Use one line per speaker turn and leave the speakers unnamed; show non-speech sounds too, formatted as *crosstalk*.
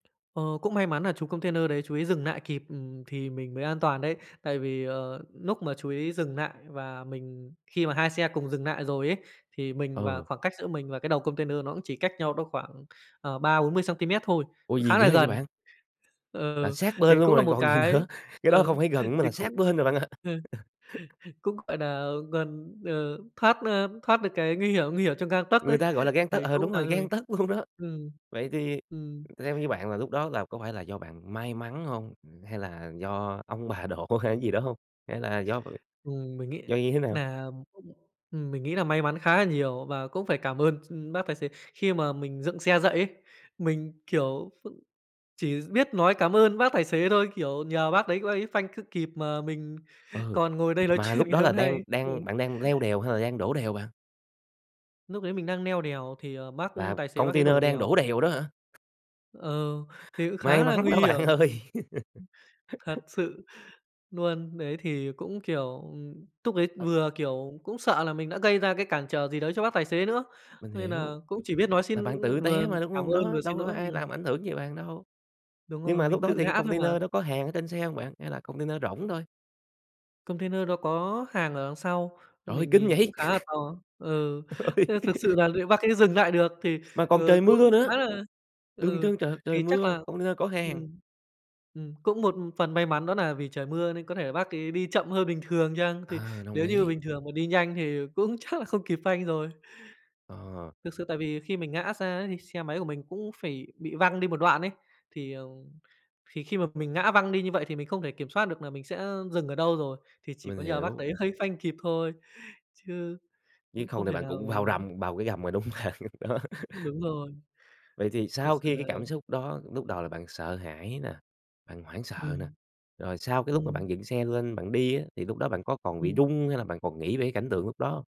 Ờ, cũng may mắn là chú container đấy chú ý dừng lại kịp, ừm, thì mình mới an toàn đấy. Tại vì, ờ, lúc mà chú ý dừng lại và mình khi mà 2 xe cùng dừng lại rồi ấy, thì mình và
Ừ.
khoảng cách giữa mình và cái đầu container nó cũng chỉ cách nhau đó khoảng, ờ, 30-40 xăng-ti-mét thôi,
Ủa,
cũng
gì
khá
ghê
là
vậy
gần
bạn? Là
ờ,
sát bên
thì
luôn
cũng là
rồi
một
còn gì
cái
nữa, cái đó không
ừ,
phải gần nữa mà
thì
là sát
cũng
bên rồi bạn ạ.
*laughs*
*laughs*
cũng, gọi là, gần, ờ, thoát, ơ, thoát được cái nguy hiểm nguy hiểm trong gang tấc
Người
ấy,
ta, gọi là, gang tấc
thì
ờ,
cũng
đúng rồi,
làm cho mình
gang tấc luôn đó.
ừm,
Vậy thì
ừm.
theo như bạn là lúc đó là có phải là do bạn may mắn hông? Ừm, hay là do ông bà độ hay cái gì đó hông? Hay là do *unintelligible*
Ừm, mình nghĩ
do như thế nào?
là ừm, mình nghĩ là may mắn khá là nhiều và cũng phải cảm ơn, ưm, bác tài xế. Khi mà mình dựng xe dậy ấy, mình, kiểu, *unintelligible* chỉ biết nói cảm ơn bác tài xế thôi, kiểu, nhờ bác đấy, bác ấy phanh cứ kịp mà mình
Ừ,
còn ngồi đây nói
mà
chuyện
lúc
ngày
đó là
hôm nay
đang
ừ.
đang bạn đang leo đèo hay là đang đổ đèo bạn?
Lúc ấy mình đang leo đèo thì, ờ, bác
Là
tài xế bác ấy
container
đổ
đang đổ
đèo.
đèo đó hả?
Ờ, thì cũng
May
khá là
mắn
nguy
đó
hiểm,
bạn
mình
ơi. *laughs*
thật sự luôn, đấy thì cũng, kiểu, ừm, túc ấy
*unintelligible*
vừa, kiểu, cũng sợ là mình đã gây ra cái cản trở gì đấy cho bác tài xế nữa
Mình
nên là
hiểu.
cũng chỉ biết nói xin,
Là bạn
ưm,
tự
vừa
té mà, đúng
cảm
hông?
ơn
Đó,
vừa
đâu
xin
có
lỗi
ai
ừm.
làm ảnh hưởng gì bạn đâu.
Đúng
Nhưng
rồi,
mà lúc
mình
đó
tự
thì cái
ngã thôi mà.
container đó có hàng ở trên xe hông bạn, hay là container rỗng thôi?
Container nó có hàng ở đằng sau, ờ,
Trời ơi,
mình
kinh
nhìn cũng
vậy!
khá là
*laughs*
to á ừ,
Trời ơi.
ư, thực sự
*laughs*
là liệu bác ấy dừng lại được thì,
Mà còn
ờ,
trời
cũng
mưa nữa,
khá là
đường
ừ,
trơn trượt, trời
thì chắc
mưa,
là,
container có hàng.
ừm, ừm, cũng một, ưm, phần may mắn đó là vì trời mưa nên có thể là bác ấy đi chậm hơn bình thường chăng, thì
Ờ, đồng
nếu như
ý.
bình thường mà đi nhanh thì cũng chắc là không kịp phanh rồi.
Ờ.
Thực sự tại vì khi mình ngã ra ấy thì xe máy của mình cũng phải bị văng đi một đoạn ấy, thì, à, thì khi mà mình ngã văng đi như vậy thì mình không thể kiểm soát được là mình sẽ, ơ, dừng ở đâu rồi, thì chỉ
Mình
có nhờ bác
hiểu.
đấy hơi phanh kịp thôi, chứ
Nếu
cũng
không
không
thì
thể
bạn
nào
cũng vào
mà
rầm vào cái gầm rồi, đúng hông bạn? Đó. *laughs*
Đúng rồi.
Vậy thì
Thực
sau
sự
khi
là
cái cảm xúc đó, lúc đầu là bạn sợ hãi nè, bạn hoảng sợ nè,
Ừm.
rồi sau cái lúc mà
Ừm.
bạn dựng xe lên bạn đi á, thì lúc đó bạn có còn bị
Ừm.
rung hay là bạn còn nghĩ về cảnh tượng lúc đó hông?